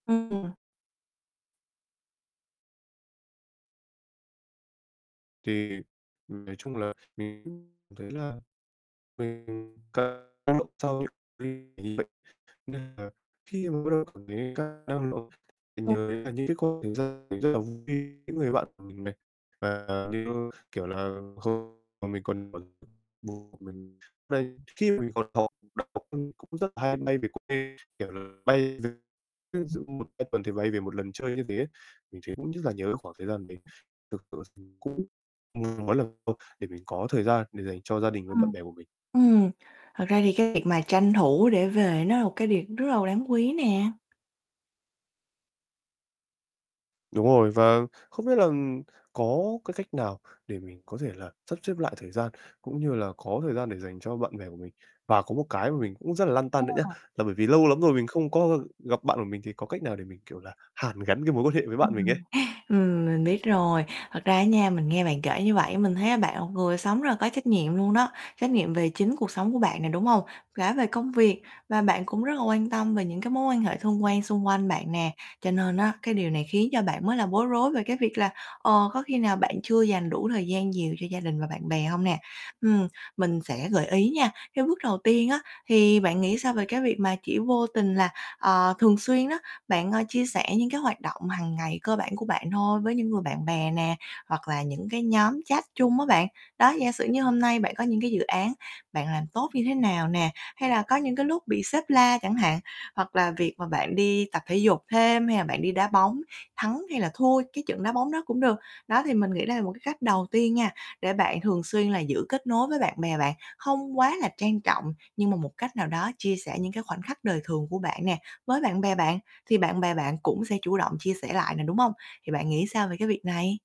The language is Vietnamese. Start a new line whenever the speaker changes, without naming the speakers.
Ừm.
Thì nói chung là mình cũng thấy là mình [unintelligible] vậy, nên là khi mà bắt đầu cảm thấy cạn năng lượng
[unintelligible]
[unintelligible] vui những người bạn của mình này và như kiểu là [unintelligible] mình còn [unintelligible] khi minh còn học đại học cũng rất là hay bay về quê, kiểu, là bay [unintelligible] ví dụ 1, 2 tuần thì bay về một lần chơi như thế ấy. Mình thấy cũng rất là nhớ cái khoảng thời gian mình thực sự thì cũng, [unintelligible] mỗi lần để mình có thời gian để dành cho gia đình và bạn
Ừm,
bè của mình.
ừm, thật ra thì cái việc mà tranh thủ để về nó là một cái việc rất là đáng quý nè.
Đúng rồi, và không biết là có cái cách nào để mình có thể là sắp xếp lại thời gian cũng như là có thời gian để dành cho bạn bè của mình. Và có một cái mà mình cũng rất là lăn
Ừ.
tăn nữa nhá. Là bởi vì lâu lắm rồi mình không có gặp bạn của mình thì có cách nào để mình, kiểu là, hàn gắn cái mối quan hệ với bạn mình ấy.
Ừm, ừm, mình biết rồi, thật ra á nha, mình nghe bạn kể như vậy, mình thấy là bạn là một người sống rất là có trách nhiệm luôn đó, trách nhiệm về chính cuộc sống của bạn nè, đúng hông? Cả về công việc và bạn cũng rất là quan tâm về những cái mối quan hệ thân quen xung quanh bạn nè. Cho nên á cái điều này khiến cho bạn mới là bối rối về cái việc là, ờ, có khi nào bạn chưa dành đủ thời gian nhiều cho gia đình và bạn bè hông nè? Ừm, mình sẽ gợi ý nha. Cái bước đầu tiên á thì bạn nghĩ sao về cái việc mà chỉ vô tình là, ờ, thường xuyên đó bạn, ơ, chia sẻ những cái hoạt động hằng ngày cơ bản của bạn thôi với những người bạn bè nè, hoặc là những cái nhóm chat chung á bạn. Đó, giả sử như hôm nay bạn có những cái dự án bạn làm tốt như thế nào nè, hay là có những cái lúc bị sếp la chẳng hạn, hoặc là việc mà bạn đi tập thể dục thêm hay là bạn đi đá bóng, thắng hay là thua cái trận đá bóng đó cũng được. Đó thì mình nghĩ đây là một cái cách đầu tiên nha, để bạn thường xuyên là giữ kết nối với bạn bè bạn, hông quá là trang trọng nhưng mà một cách nào đó chia sẻ những cái khoảnh khắc đời thường của bạn nè, với bạn bè bạn, thì bạn bè bạn cũng sẽ chủ động chia sẻ lại nè, đúng hông? Thì bạn nghĩ sao về cái việc này?